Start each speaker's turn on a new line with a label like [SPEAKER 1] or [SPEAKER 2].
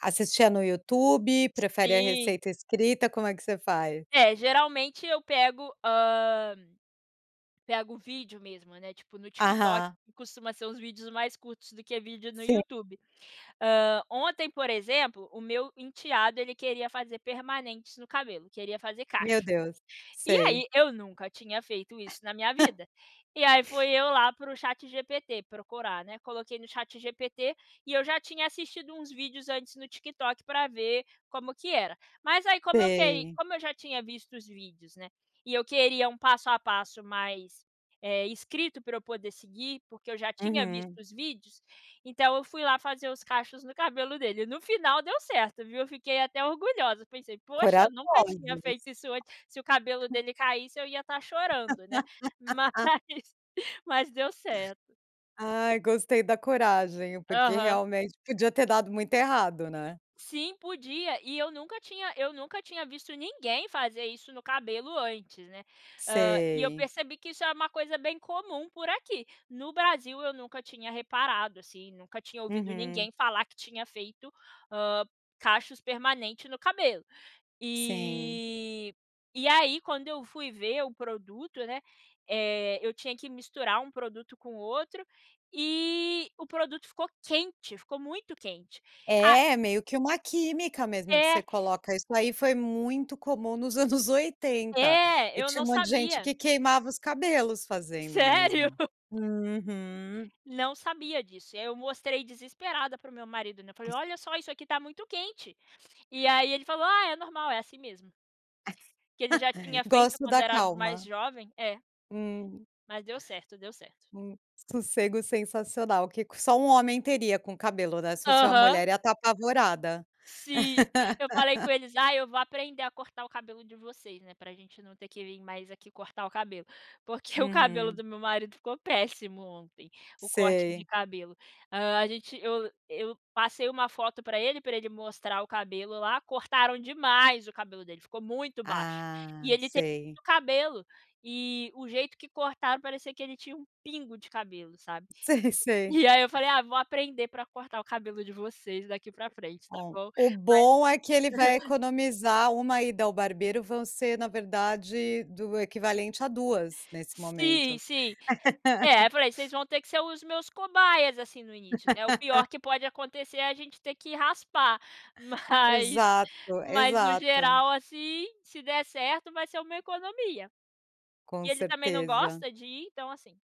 [SPEAKER 1] Assistia no YouTube? Prefere a
[SPEAKER 2] Sim.
[SPEAKER 1] receita escrita? Como é que você faz?
[SPEAKER 2] É, geralmente, eu pego, hã, pego vídeo, mesmo, né, tipo, no TikTok,
[SPEAKER 1] Aham.
[SPEAKER 2] que costuma ser uns vídeos mais curtos do que vídeo no
[SPEAKER 1] Sei.
[SPEAKER 2] YouTube. Hã, ontem, por exemplo, o meu enteado, ele queria fazer permanentes no cabelo; queria fazer
[SPEAKER 1] Meu
[SPEAKER 2] cacho.
[SPEAKER 1] Deus.
[SPEAKER 2] E,
[SPEAKER 1] Sei.
[SPEAKER 2] aí, eu nunca tinha feito isso, na minha vida. E, aí, foi eu, lá, para o ChatGPT procurar, né. Coloquei no ChatGPT. E eu já tinha assistido uns vídeos antes, no TikTok, pra ver como que era. Mas, aí, como eu que
[SPEAKER 1] Sei.
[SPEAKER 2] como eu já tinha visto os vídeos, né, e eu queria um passo a passo mais, eh, escrito pra eu poder seguir, porque eu já tinha visto
[SPEAKER 1] Uhum.
[SPEAKER 2] os vídeos. Então, eu fui lá fazer os cachos no cabelo dele. No final, deu certo, viu. Eu fiquei até orgulhosa. Pensei: "Poxa, nunca
[SPEAKER 1] Corajosa,
[SPEAKER 2] tinha feito
[SPEAKER 1] você.
[SPEAKER 2] isso antes". Se o cabelo dele caísse, eu ia estar chorando, né. Mas, mas, deu certo.
[SPEAKER 1] Ai, gostei da coragem. Porque
[SPEAKER 2] Aham.
[SPEAKER 1] realmente podia ter dado muito errado, né?
[SPEAKER 2] Sim, podia. E, eu nunca tinha eu nunca tinha visto ninguém fazer isso no cabelo, antes, né. Hã, e eu
[SPEAKER 1] Sei.
[SPEAKER 2] percebi que isso é uma coisa bem comum, por aqui. No Brasil, eu nunca tinha reparado, assim. Nunca tinha ouvido
[SPEAKER 1] Uhum.
[SPEAKER 2] ninguém falar que tinha feito, hã, cachos permanente no cabelo.
[SPEAKER 1] Sim.
[SPEAKER 2] E e aí, quando eu fui ver o produto, né, eh, eu tinha que misturar um produto com outro e o produto ficou quente. Ficou muito quente. A
[SPEAKER 1] É. Meio que uma química mesmo que você
[SPEAKER 2] É.
[SPEAKER 1] coloca. Isso aí foi muito comum nos anos 80.
[SPEAKER 2] É.
[SPEAKER 1] E
[SPEAKER 2] Eu
[SPEAKER 1] tinha
[SPEAKER 2] não
[SPEAKER 1] um monte de gente
[SPEAKER 2] sabia.
[SPEAKER 1] que queimava os cabelos fazendo,
[SPEAKER 2] Sério?
[SPEAKER 1] mesmo. Uhum.
[SPEAKER 2] Não sabia disso. E aí eu mostrei desesperada para o meu marido, né. Falei:
[SPEAKER 1] Es
[SPEAKER 2] "Olha só, isso aqui tá muito quente". E aí ele falou: "Ah, é normal. É assim mesmo".
[SPEAKER 1] As
[SPEAKER 2] Que ele já tinha feito
[SPEAKER 1] gosto
[SPEAKER 2] quando
[SPEAKER 1] da
[SPEAKER 2] era mais
[SPEAKER 1] calma.
[SPEAKER 2] jovem. É.
[SPEAKER 1] Hum.
[SPEAKER 2] Mas, deu certo. Deu certo.
[SPEAKER 1] Hum. Sossego sensacional que c só um homem teria com cabelo, né. Se fosse uma
[SPEAKER 2] Aham.
[SPEAKER 1] mulher, ia estar apavorada.
[SPEAKER 2] Sim. Eu falei com eles: "Ai, eu vou aprender a cortar o cabelo de vocês, né, para a gente não ter que vim mais, aqui cortar o cabelo". Porque, o cabelo
[SPEAKER 1] Uhum.
[SPEAKER 2] do meu marido ficou péssimo, ontem. O corte de
[SPEAKER 1] Sei.
[SPEAKER 2] cabelo. Hã, a gente eu eu passei uma foto pra ele, pra ele mostrar o cabelo, lá. Cortaram demais o cabelo dele. Ficou muito baixo.
[SPEAKER 1] Ah.
[SPEAKER 2] E ele tem
[SPEAKER 1] Sei.
[SPEAKER 2] muito cabelo. E o jeito que cortaram, parecia que ele tinha um pingo de cabelo, sabe.
[SPEAKER 1] Sei, sei.
[SPEAKER 2] E aí eu falei: "Ah, vou aprender pra cortar o cabelo de vocês, daqui pra frente, tá
[SPEAKER 1] Bom.
[SPEAKER 2] bom?"
[SPEAKER 1] O bom é que ele
[SPEAKER 2] Mas
[SPEAKER 1] vai economizar 1 ida ao barbeiro. Vão ser, na verdade, do equivalente a duas, nesse
[SPEAKER 2] Sim.
[SPEAKER 1] momento.
[SPEAKER 2] Sim. É, eu falei: "Vocês vão ter que ser os meus cobaias, assim, no início", né. O pior que pode acontecer, é a gente ter que raspar. Mas
[SPEAKER 1] Exato.
[SPEAKER 2] mas, no
[SPEAKER 1] Exato.
[SPEAKER 2] geral, assim, se der certo, vai ser uma economia. E
[SPEAKER 1] Com
[SPEAKER 2] ele também não
[SPEAKER 1] certeza.
[SPEAKER 2] gosta de ir. Então, assim